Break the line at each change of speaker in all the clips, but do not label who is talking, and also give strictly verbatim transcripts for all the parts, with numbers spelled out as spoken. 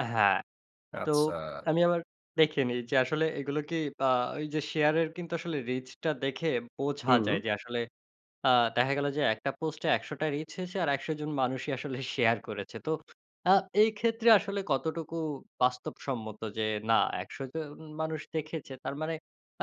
আ হ্যাঁ। তো
আচ্ছা।
আমি আবার দেখে নিই যে, আসলে এগুলো কি আ ওই যে, শেয়ারের কিন্তু আসলে রিচটা দেখে বোঝা যায়
হুম।
যে, আসলে আ দেখা গেল যে, একটা পোস্টে একশটা রিচ হয়েছে আর একশ জন মানুষই আসলে শেয়ার করেছে। তো আ এই ক্ষেত্রে আসলে কতটুকু বাস্তবসম্মত যে, না, একশ জন মানুষ দেখেছে, তার মানে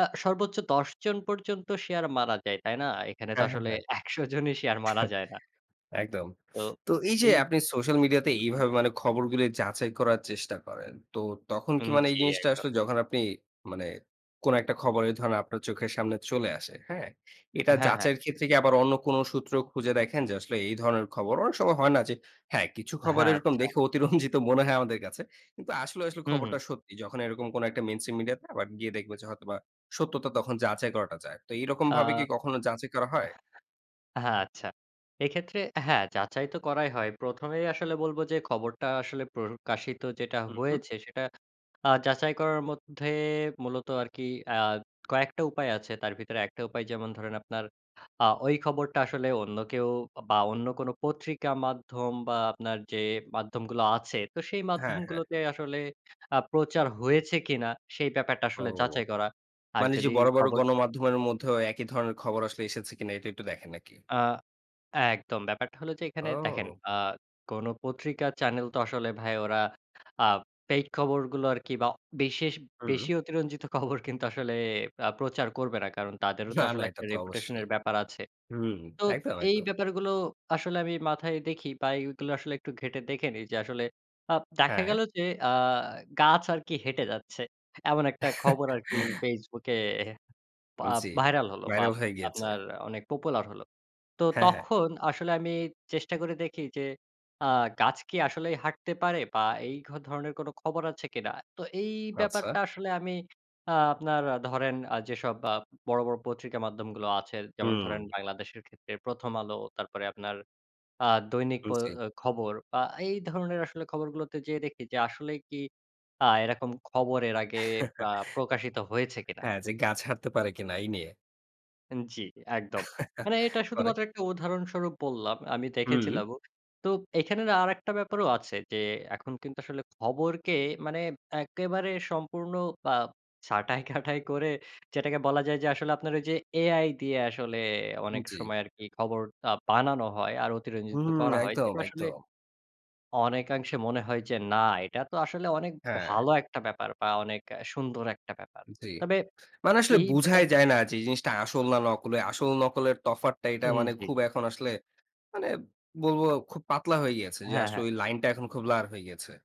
আ সর্বোচ্চ দশ জন পর্যন্ত শেয়ার মানা যায়। তাই না? এখানে তো
হ্যাঁ, হ্যাঁ,
আসলে
হ্যাঁ।
একশ জনই শেয়ার মারা যায় না।
একদম।
তো
তো এই যে,
এই
আপনি সোশ্যাল মিডিয়াতে
[unintelligible]
এইভাবে মানে খবরগুলো যাচাই করার চেষ্টা করেন। তো তখন কি
হুম,
মানে এই
জি,
জিনিসটা
একদম।
আসলে যখন আপনি মানে কোনো একটা খবরে ধরনে আপনার চোখের সামনে চলে আসে। হ্যাঁ? এটা
হ্যাঁ, হ্যাঁ।
যাচাইয়ের ক্ষেত্রে কি আবার অন্য কোনো সূত্র খুঁজে দেখেন যে, আসলে এই ধরনের খবর অনেক সময় হয় না যে হ্যাঁ, কিছু খবর
হ্যাঁ,
এরকম
আচ্ছা।
দেখে অতিরঞ্জিত মনে হয় আমাদের কাছে। কিন্তু আসলে, আসলে
হুম, হুম।
খবরটা সত্যি। যখন এরকম কোনো একটা মেইনস্ট্রিম মিডিয়াতে আবার গিয়ে দেখব যে, হয়তোবা সত্যতা তখন যাচাই করাটা যায়। তো
আ
এরকমভাবে কি কখনো যাচাই করা হয়?
হ্যাঁ, আচ্ছা। এক্ষেত্রে হ্যাঁ, যাচাই তো করাই হয়। প্রথমেই আসলে বলব যে, খবরটা আসলে প্রকাশিত যেটা
হুম, হুম।
হয়েছে, সেটা আ যাচাই করার মধ্যে মূলত আরকি আ কয়েকটা উপায় আছে। তার ভিতরে একটা উপায় যেমন ধরেন আপনার আ ওই খবরটা আসলে অন্য কেউ বা অন্য কোনো পত্রিকা মাধ্যম বা আপনার যে, মাধ্যমগুলো আছে, তো সেই
হ্যাঁ, হ্যাঁ।
মাধ্যমগুলোতে আসলে আ প্রচার হয়েছে কিনা, সেই ব্যাপারটা
ও।
আসলে যাচাই করা। আর
মানে যে,
যদি
বড়, বড়
খবর
গণমাধ্যমের মধ্যেও একই ধরনের খবর আসলে এসেছে কিনা, এটা একটু দেখেন নাকি?
আ একদম। ব্যাপারটা হলো যে, এখানে দেখেন,
ও!
আ কোনো পত্রিকা চ্যানেল তো আসলে ভাই ওরা আ ফেইক খবরগুলো আরকি বা বিশেষ, বেশি
হুম।
অতিরঞ্জিত খবর কিন্তু আসলে আ প্রচার করবে না। কারণ তাদেরও তো
না,
আসলে
না এটা
একটা
তো অবশ্যই।
রেপুটেশনের ব্যাপার আছে।
হুম,
তো
একদম,
এই
একদম।
ব্যাপারগুলো আসলে আমি মাথায় দেখি বা এগুলো আসলে একটু ঘেঁটে দেখে নিই যে, আসলে আ দেখা
হ্যাঁ।
গেল যে, আ গাছ আরকি হেঁটে যাচ্ছে। এমন একটা খবর আরকি ফেসবুকে পা
উম জি।
ভাইরাল হলো বা
ভাইরাল হয়ে গিয়েছে।
আপনার অনেক পপুলার হলো। তো
হ্যাঁ, হ্যাঁ।
তখন আসলে আমি চেষ্টা করে দেখি যে, আ গাছ কি আসলেই হাঁটতে পারে বা এই ঘ ধরনের কোনো খবর আছে কিনা? তো এই
আচ্ছা।
ব্যাপারটা আসলে আমি আ আপনার ধরেন আ যেসব আ বড়, বড় পত্রিকা মাধ্যমগুলো আছে; যেমন ধরেন
হুম।
বাংলাদেশের ক্ষেত্রে প্রথম আলো, তারপরে আপনার আ দৈনিক
উম
প্রয়ো
জি।
অ খবর বা এই ধরণের আসলে খবরগুলোতে যেয়ে দেখি যে, আসলেই কি আ এরকম খবর এর আগে আ প্রকাশিত হয়েছে কিনা?
হ্যা, যে, গাছ হাঁটতে পারে কিনা এই নিয়ে।
উন জি, একদম। মানে এটা
পরে?
শুধুমাত্র একটা উদাহরণস্বরূপ বললাম। আমি
হুম।
দেখেছিলামও। তো এখানে না আরেকটা ব্যাপারও আছে যে, এখন কিন্তু আসলে খবরকে মানে একেবারে সম্পূর্ণ আ ছাঁটাই কাটাই করে যেটাকে বলা যায় যে, আসলে আপনার ওই যে, এ-আই দিয়ে আসলে
হুম,
অনেক
জি।
সময় আরকি খবর আ বানানো হয় আর
উম
অতিরঞ্জিত
হুম, হুম,
করা হয়।
একদম,
এটা আসলে
একদম।
অনেকাংশে মনে হয় যে, না, এটা তো আসলে অনেক
হ্যাঁ।
ভালো একটা ব্যাপার বা অনেক সুন্দর একটা ব্যাপার।
জি।
তবে
মানে আসলে
এই
বুঝাই
ব্যাপার
যায় না যে, এই জিনিসটা আসল না নকল। আসল-নকলের তফাতটা, এইটা
উম
মানে
জি।
খুব এখন আসলে মানে বলব খুব পাতলা হয়ে গিয়েছে যে,
হ্যাঁ,
আসলে
হ্যাঁ।
ওই লাইনটা এখন খুব ব্লার হয়ে গিয়েছে।